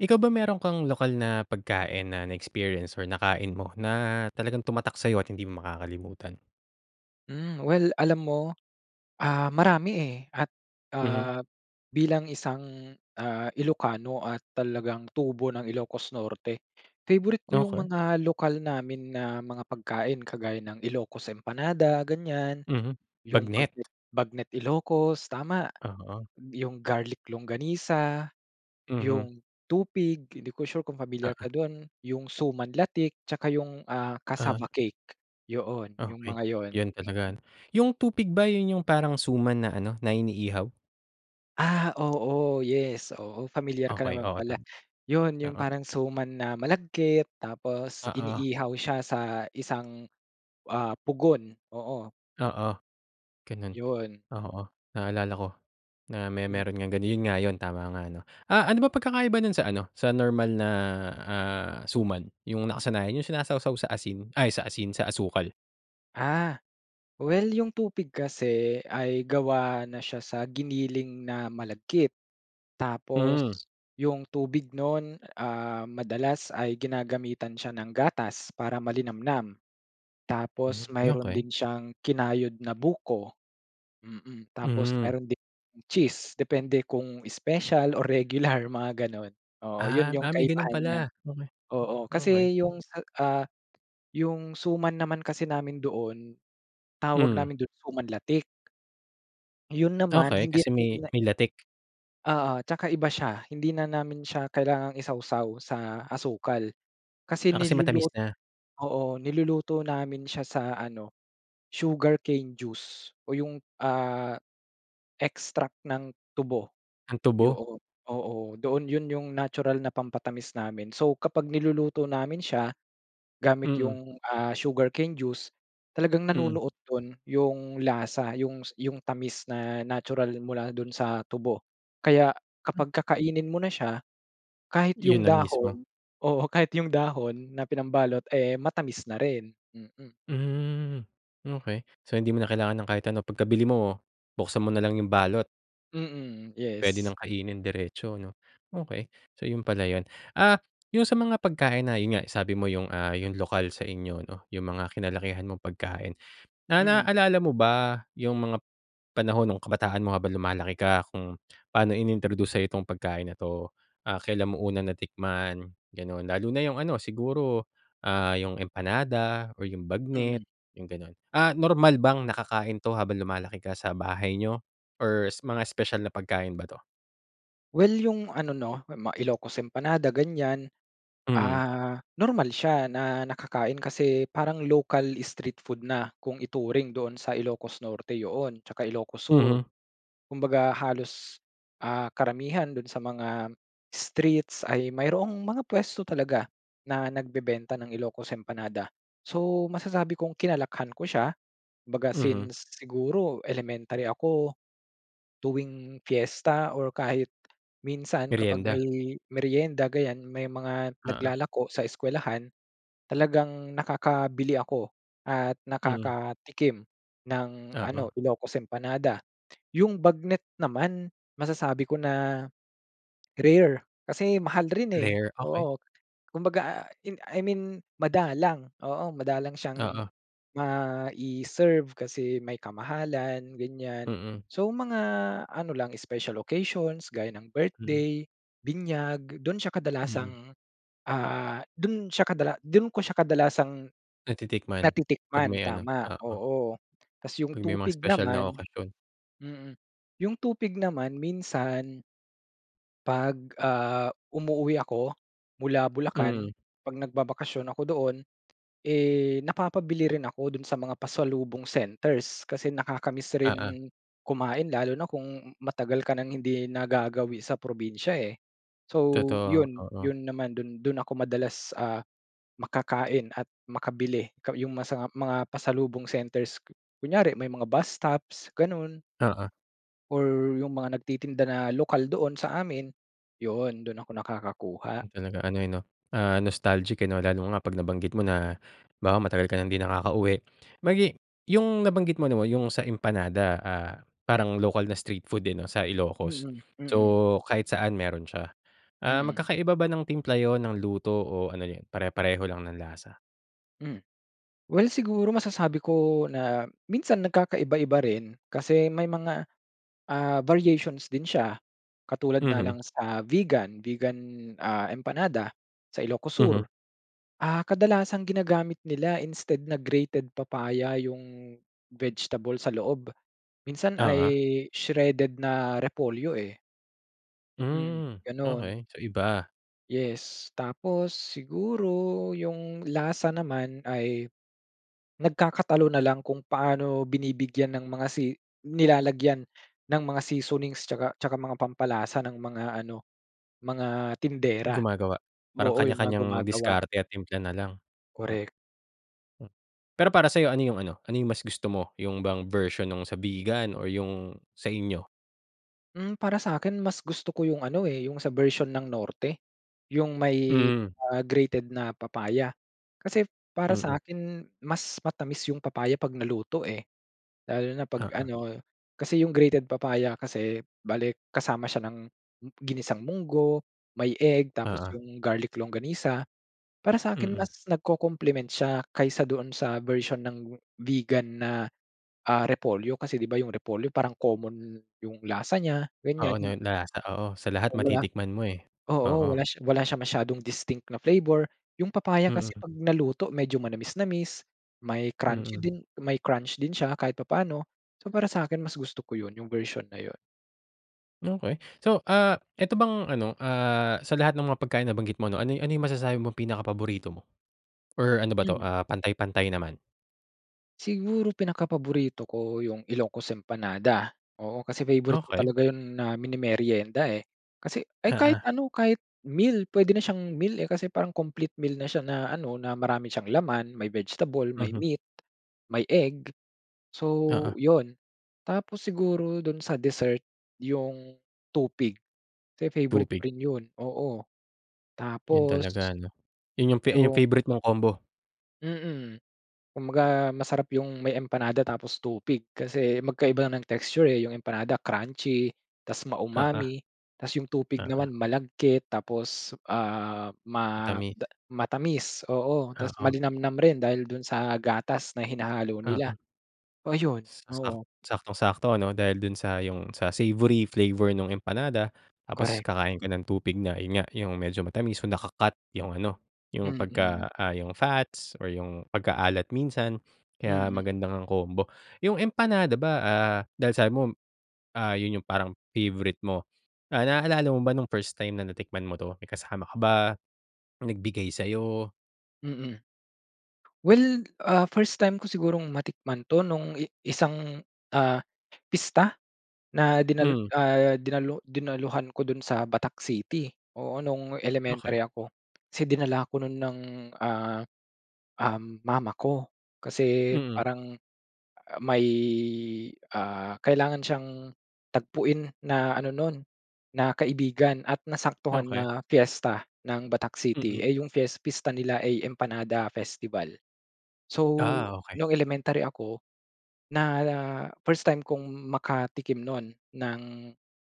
Ikaw ba, meron kang lokal na pagkain na na-experience or nakain mo, na talagang tumatak sa'yo, at hindi mo makakalimutan? Hmm, well alam mo, ah, marami eh, at, Mhm. ah, bilang isang, ah, Ilocano at talagang tubo ng Ilocos Norte. Favorite ko yung Okay. mga lokal namin na mga pagkain. Kagaya ng Ilocos empanada, ganyan. Mhm, Yung bagnet. bagnet bagnet Ilocos tama, Oo. yong garlic longganisa, Mhm. yung tupig. Hindi ko sure kung pamilyar ka Oo. dun. Yung suman latik, tsaka yung, ah, Ah. cassava cake. Yoon, yung Okay, mga yun. yun talaga ano. Yung tupig ba yun, yung parang suman na ano, na inihaw? Ah, oo yes. Oo, familiar ka Okay. naman Oo pala. tama, Yon yong oo. parang suman na malagkit. Tapos, Oo. iniihaw siya sa isang, ah, pugon, oo. Oo ganun. Yon. Oo naalala ko, na may, Hmm. meron ng ganun, yun nga yun tama nga ano. Ah, ano ba pagkakaiba nun sa ano sa normal na, ah, suman? Yung nakasanayan yung sinasawsaw sa asin. Ay sa asin, sa asukal. Ah, well 'yong tupig kasi ay gawa na siya sa giniling na malagkit. Hmm. Tapos, 'yong tubig no'n, ah, madalas ay ginagamitan siya ng gatas para malinamnam. Hmm, Tapos, mayroon din okey. siyang kinayod na buko, mm. Tapos, Hmm. mayro'n din cheese depende kung special o regular, mga gano'n. Oo, 'yon Ah, 'yong ah, may gano'n kaibahan niya, pala? Okey, oo okey. kasi 'yong, ah, 'yong suman naman kasi namin doon tawag Hmm. namin do'n, suman latik. Ayun naman, Okey, hindi kasi hindi may, na may latik. oo, at 'tsaka iba siya, hindi na namin siya kailangang isawsaw sa asukal kasi Ah, kasi matamis nilulut na? oo, niluluto namin siya sa ano sugarcane juice o 'yong, ah, extract ng tubo, Ang tubo. 'yon. Oo, doon 'yon 'yong natural na pampatamis namin. So, kapag niluluto namin siya gamit Mm. 'yong, ah, sugarcane juice talagang Mm. nanunuot doon 'yong lasa 'yong 'yong tamis na natural mula do'n sa tubo. Kaya Hmm. kapag kakainin mo na siya, kahit 'yong 'Yon na mismo? dahon, oo kahit 'yong dahon na pinambalot, eh, matamis na rin, mm. Hmm, okey. So, hindi mo na kailangan ng kahit ano, pagkabili mo buksan mo nalang 'yong balot? Mm, Puwede yes. nang kainin diretso 'no? Okey, so, 'yon pala 'yon. Ah, 'yong sa mga pagkain na 'yon nga sabi mo 'yong, ah, 'yong lokal sa inyo 'no, 'yong mga kinalakihan mong pagkain. Na na Mm. naalala mo ba 'yong mga, panahon nung kabataan mo habang lumalaki ka kung paano ini-introduce sa'yo 'tong pagkain na 'to, ah, kailan mo una natikman, ganon. Lalo na 'yong ano siguro, ah, 'yong empanada o yung Mm. bagnet 'yong, gano'n. Ah, normal bang nakakain 'to habang lumalaki ka sa bahay nyo or mga espesyal na pagkain ba 'to? Well, yung ano 'no, mga Ilocos empanada ganyan, Mhm. ah, normal siya na nakakain kasi parang ocal street food na kung ituring doon sa Ilocos Norte yoon 'tsaka Ilocos Sur. Mhm. Kumbaga halos, ah, karamihan do'n sa mga streets ay mayroong mga puwesto talaga na nagbebenta ng Ilocos empanada. So, masasabi kong kinalakihan ko siya baga Mhm. since, siguro elementary ako tuwing fiesta or kahit minsan kapag Meryenda? may meryenda ganyan may mga Oo. naglalako sa eskuwelahan talagang nakakabili ako at Mhm. nakakatikim ng ano, Oo. Ilocos empanada. Yung bagnet naman, masasabi ko na rare kasi mahal rin, eh, Rare? Okey. oo, kumbaga, ah, I mean madalang, oo madalang siyang Oo. mai-serve kasi may kamahalan, ganyan. Mm. So, mga ano lang special occasions gaya ng Mm. birthday, binyag do'n siya Mm. kadalasang, ah, do'n siya kadala do'n ko siya kadalasang Natitikman? Pag natitikman may ano? tama, Oo. oo. Tapos yung Pag may mga tupig espesyal na naman, okasyon? mm. Yung tupig naman minsan 'Pag, ah, umuuwi ako mula Bulacan Mhm. pag nagbabakasyon ako doon, eh, napapabili rin ako doon sa mga pasalubong centers kasi nakaka-miss Oo. rin kumain lalo na kung matagal ka nang hindi nagagawi sa probinsiya, eh. So Totoo, 'yon, oo. 'yon naman do'n, do'n ako madalas, ah, makakain at makabili ka yung masa mga pasalubong centers, kunyari may mga bus stops, gano'n. Oo. Or yong mga nagtitinda na lokal doon sa amin. Yon, dun ako nakakakuha. Talaga ano, eh, 'no, ah, nostalgic, eh, 'no? Lalo nga 'pag nabanggit mo na, 'bawa matagal ka ng 'di nakakauwi. Magi yung nabanggit mo na yung sa empanada, ah, parang local na street food, eh, 'no, sa Ilocos. Mm, mm. So, kahit saan meron siya. Ah, Mm. magkakaiba ba ng timpla yun, ng luto, o ano yun pare-pareho lang ng lasa? Hmm, well siguro masasabi ko na minsan nagkakaiba-iba rin. Kasi, may mga, ah, variations din siya. Katulad na lang Mhm. sa Vigan Vigan, ah, empanada, sa Ilocos Mhm. Sur. Ah, kadalasang ginagamit nila instead na grated papaya yong vegetable sa loob, minsan ay Oo. shredded na repolyo, eh. Mm, Hmm, ganun. okay, so iba. Yes! Tapos, siguro yung lasa naman ay, nagkakatalo na lang kung paano binibigyan ng mga si nilalagyan ng mga seasonings, tsaka tsaka mga pampalasa ng mga ano mga tindera. Gumagawa. Parang, Oo, yung mga kanya-kanyang gumagawa. diskarte, at timpla na lang. Korek. Oo. Pero, para sayo, ano yung ano ano yung mas gusto mo, yung bang version nung sa Vigan or yung sa inyo? Hmm, para sa akin, mas gusto ko yong ano, eh, yong sa bersyon ng Norte. Yong may, Hmm. ah, grated na papaya. Kasi para Mm. sa akin, mas matamis yong papaya 'pag naluto, eh. Lalo na, 'pag Oo. ano, kasi yong grated papaya kasi, bale kasama siya ng ginisang mungo, may egg, tapos, Oo. yong garlic longganisa. Para sa akin, Mm. mas nagko-compliment siya. Kaysa doon sa version ng Vigan na, ah, repolyo. Kasi, 'di ba yung repolyo, parang common yung lasa niya, Oo, ganyan. na na lasa, oo. Sa lahat Oo, wala matitikman mo, eh, oo, oo. wala sh wala siya masyadong distinct na flavor. Yung papaya kasi Mm. 'pag naluto, medyo manamis-namis. May crunchy Mm. din, may crunch din siya, kahit papano. So, para sakin mas gusto ko yun, yung bersyon na yun. Okey, so, ah, eto bang ano, ah, sa lahat ng mga pagkain nabanggit mo 'no, ano ano yung masasabi mong pinaka-paborito mo? Or ano ba to, Hmm. ah, pantay-pantay naman? Siguro, pinakapaborito ko yung Ilocos empanada, oo. Kasi favorite ko Okey. talaga yun na mini-merienda, eh. Kasi, ay kahit Oo. ano, kahit meal. Pwede na siyang meal, eh. Kasi, parang complete meal na siya na ano. Na marami siyang laman. May vegetable, may Mhm. meat, may egg, so, Oo. 'yon. Tapos, siguro do'n sa dessert, yong tupig, kasi favorite ko Tupig. rin 'yon, oo. Yun Tapos talaga no, yun yung fa yung Yung favorite mong combo? Mm, kumbaga masarap yung may empanada tapos tupig kasi magkaiba ng texture, eh, yung empanada crunchy tapos Oo. maumami tapos 'yong tupig Oo. naman malagkit tapos, ah, ma Matamis. da matamis, oo, tapos Oo. malinamnam rin dahil do'n sa gatas na hinahalo nila, Oo, oh, 'yon, sa sa oo. saktong sakto ano dahil do'n sa yung sa savory flavor nung empanada, tapos Correct. kakain ka ng tupig na 'yon nga, 'yong medyo matamis naka-cut 'yong ano 'yong Mm. pagka, ah, 'yong fats or 'yong pagkaalat minsan kaya Mm. maganda ngang combo. 'Yong empanada ba, ah, dahil sabi mo, ah, 'yon 'yong parang favorite mo, ah, naalala mo ba nung first time na natikman mo to, may kasama ka ba, may nagbigay sa'yo? Mm. well, ah, first time ko sigurong matikman 'to nung i isang, ah, pista na dinal Hmm. ah, dinalu dinaluhan ko do'n sa Batak City. Oo, nung Okey. elementary ako kasi dinala ko no'n ng, ah, um, mama ko. Kasi, Mm. parang, ah, may, ah, kailangan siyang tagpuin na ano no'n na kaibigan at nasaktuhan Okey. na piyesta ng Batak City. Mm. Eh, 'yong fies pista nila ay empanada festival. So, Ah, okey. nung elementary ako na first time kong makatikim no'n ng,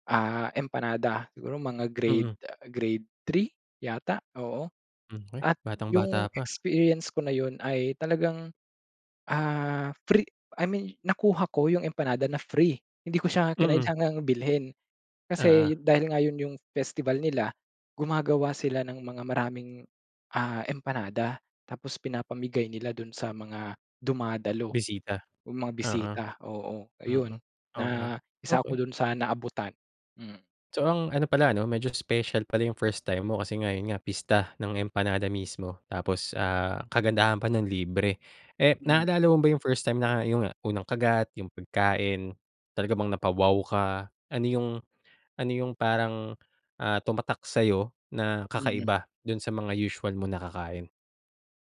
ah, empanada. Siguro, mga grade, Mm. ah, grade 3 yata, oo Hmm, okey. at Batang bata 'yong pa. experience ko na 'yon ay talagang, ah, free I mean nakuha ko 'yong empanada na free hindi ko siya Mhm. kinailangan bilhin. Kasi Oo. dahil nga 'yon 'yong festival nila, gumagawa sila ng mga maraming, ah, empanada tapos pinapamigay nila do'n sa mga dumadalo Bisita? o mga Oo, bisita, oo, oo. ayun Okey, na isa okey. ako do'n sa naabutan, mhm. So, ang ano pala 'no medyo special pala 'yong first time mo, kasi nga 'yon nga pista ng empanada mismo tapos, ah, kagandahan pa no'n, libre. Eh, Mm. naalala mo ba yung first time na yung unang kagat yung pagkain talaga bang napa-wow ka? Ano 'yong ano 'yong parang, ah, tumatak sa'yo na Mhm. kakaiba do'n sa mga usual mong nakakain?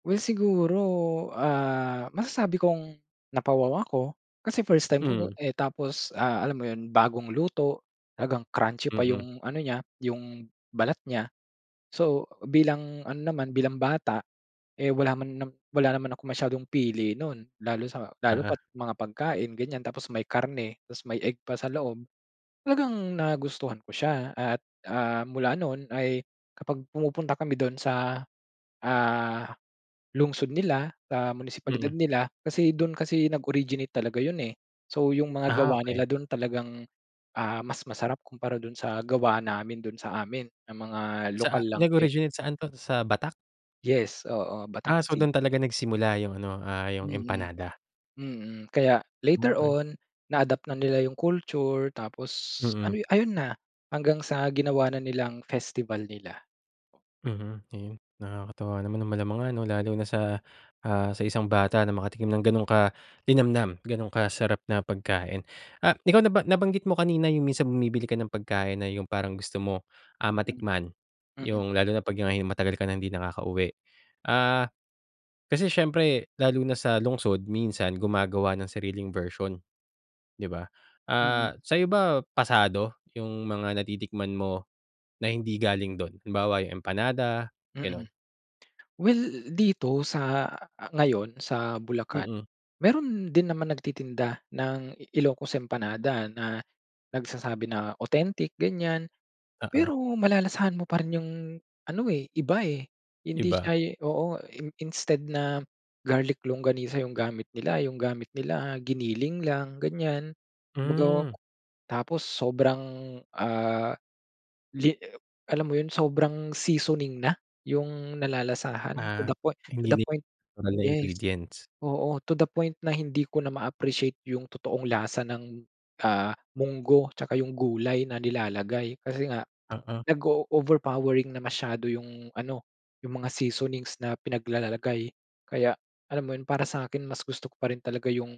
Well, siguro, ah, masasabi kong napa-wow ako. Kasi first time ko ko, Hmm. eh, tapos, ah, alam mo yun bagong luto. Talagang crunchy pa Mm. yung ano niya, yung balat niya. So, bilang ano naman, bilang bata, eh, wala man nam wala naman akong masyadong pili nun. Lalo sa, lalo Oo. pa't mga pagkain ganyan. Tapos, may karne, tapos may egg pa sa loob. Talagang nagustuhan ko siya. At, ah, mula nun ay kapag pumupunta kami dun sa, ah, lungsod nila, sa munisipalidad Mm. nila. Kasi, dun kasi nag-originate talaga yun, eh. So, yung mga Ah, gawa okay. nila dun talagang, ah, mas masarap kumpara dun sa gawa namin doon sa amin ng mga Sa, ah, lokal lang nag din originate saan 'to, sa Batac? Yes, oo, Batac Ah, so, dun City. talaga nagsimula yung ano, ah, yung Mm, empanada. mm, kaya later Okey. on, na-adapt na nila yung culture. Tapos ano, Mhm. ayun na, hanggang sa ginawa na nilang festival nila. Mhm, ayun nakakatuwa naman ng malamang ano, lalo na sa, ah, sa isang bata na makatikim ng gano'ng kalinamnam ganun ka-sarap na pagkain. Ah, ikaw naba nabanggit mo kanina yung minsan bumibili ka ng pagkain na yung parang gusto mo, ah, Hmm. matikman Mm. yung lalo na 'pag hi matagal ka ng hindi nakakauwi. Ah, kasi siyempre lalo na sa lungsod minsan gumagawa ng sariling version, di ba? Mm. Ah, sa'yo ba pasado yung mga natitikman mo na hindi galing dun? Halimbawa, yung empanada Mm, ganon? well dito sa, ah, ngayon sa Bulacan, Mm. meron din naman nagtitinda ng IIocos empanada. Na nagsasabi na authentic, ganyan. Oo. Pero, malalasahan mo pa rin yung ano, eh, iba, eh, hindi Iba. siya oo, i instead na garlic longganisa yung gamit nila, yung gamit nila, giniling lang ganyan, kumbaga. Hmm. Tapos sobrang, ah, li alam mo yun sobrang seasoning. Na yung nalalasahan, to Ah, the point to hindi the ni point, 'nal na yes, ingredients. oo, to the point na hindi ko na ma-appreciate yung totoong lasa ng, ah, munggo tsaka yung gulay na nilalagay. Kasi nga, Oo. nag-o-overpowering na masyado yung ano, yung mga seasonings na pinaglalalagay. Kaya alam mo yun, para sa'kin mas gusto ko pa rin talaga yung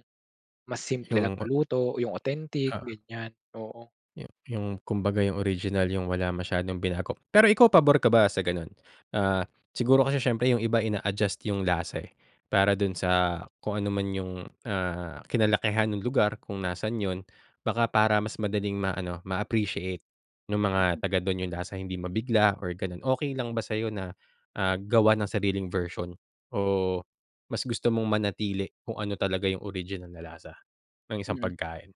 mas simple lang Yung na ba. luto. Yung authentic Oo. ganyan, oo. Yu yung kumbaga, yung original. Yung wala masyadong binago. Pero, ikaw pabor ka ba sa ganun? Ah, siguro kasi syempre yung iba ina-adjust yung lasa, eh, para dun sa kung ano man yung, ah, kinalakihan nung lugar kung nasan yun. Baka, para mas madaling ma-ano, ma-appreciate nung mga Mhm. taga dun yung lasa hindi mabigla or ganun. Okey lang ba sa'yo, na gawan ng sariling version, o mas gusto mong manatili kung ano talaga yung original na lasa ng isang Mhm, pagkain?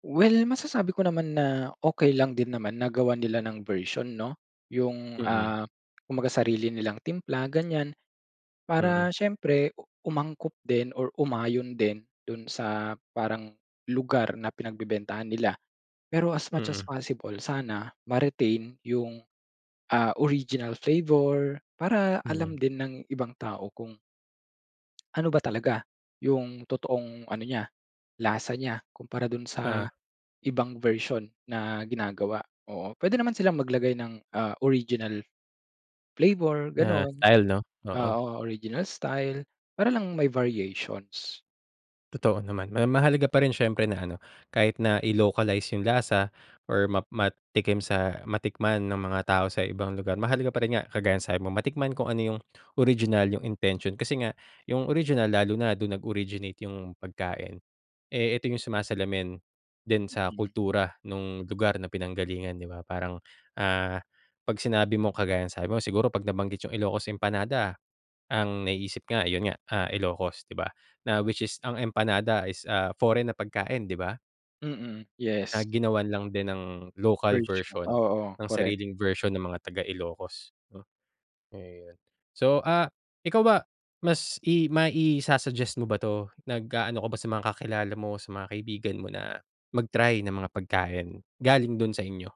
well masasabi ko naman na okey lang din naman na gawan nila ng version, 'no. Yung, Mm. ah, kumbaga sarili nilang timpla ganyan Mm. para siyempre, u umangkop din or umayon din dun sa parang lugar na pinagbebentahan nila. Pero as much as Mm. possible sana, ma-retain yung, ah, original flavor. Para alam Mhm. din ng ibang tao kung ano ba talaga yung totoong ano niya, lasa niya, kumpara dun sa Ah. ibang version na ginagawa? Oo, pwede naman silang maglagay ng, ah, original flavor, Na ganun. style, 'no, oo. Ah, o original style, para lang may variations. Totoo naman. Ma mahalaga pa rin syempre na ano, kahit na i-localize yung lasa or ma matikim sa matikman ng mga tao sa ibang lugar, mahalaga pa rin nga, kagaya ng sabi mo, matikman kung ano yung original, yung intention. Kasi nga yung original lalo na dun nag-originate yung pagkain, eh, ito yung sumasalamin din sa Mm. kultura no'ng lugar na pinanggalingan, 'di ba? Parang, ah, ‘pag sinabi mong kagaya sabi mo siguro pag nabanggit yung Ilocos empanada, ang naiisip nga ayon nga, ah Ilocos, 'di ba? Na which is ang empanada is, ah, foreign na pagkain 'di ba. Mm. Yes. Na ginawan lang din ng local Version, version, oo. ng Korek. sariling version ng mga taga Ilocos, 'no? Ayun. So ah, ikaw ba, mas i mai-sa-suggest mo ba 'to? Nag-aano ka ba sa mga kakilala mo, sa mga kaibigan mo na mag-try ng mga pagkain galing do'n sa inyo?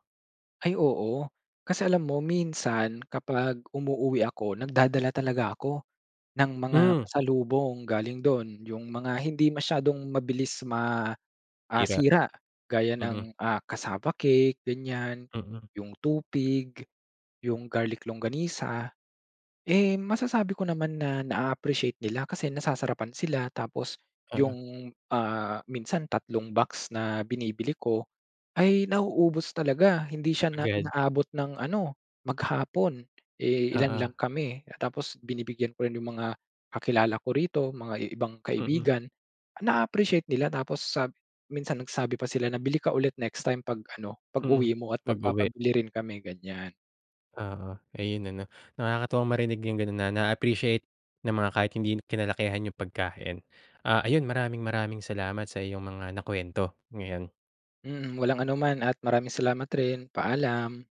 Ay oo. Kasi alam mo, minsan kapag umuuwi ako nagdadala talaga ako, ng mga Hmm. pasalubong galing do'n. Yung mga hindi masyadong mabilis ma ah, Sira. sira gaya Mhm. ng cassava cake, ganiyan, Mhm. yung tupig, yung garlic longganisa. Eh, masasabi ko naman na na-aappreciate nila kasi nasasarapan sila tapos Oo. 'yong, ah, minsan 3 box na binibili ko ay nauubos talaga. Hindi siya na Agad. inaabot ng ano, maghapon. Eh, ilan Oo. lang kami tapos binibigyan ko rin 'yong mga kakilala ko rito, mga i ibang Mhm. kaibigan. Na-aappreciate nila, tapos sab minsan nagsabi pa sila na, "Bili ka ulit next time ‘pag ano, Mhm. pag-uwi mo at Pag-uwi. magpapabili rin kami.” Ganiyan. Oo. Ayun ano? Nakakatuwang marinig yung gano'n na na-appreciate ng mga kahit hindi kinalakihan yung pagkain. Ah, ayun maraming-maraming salamat sa iyong mga nakuwento ngayon. Mhm. Walang anuman at maraming salamat rin, paalam.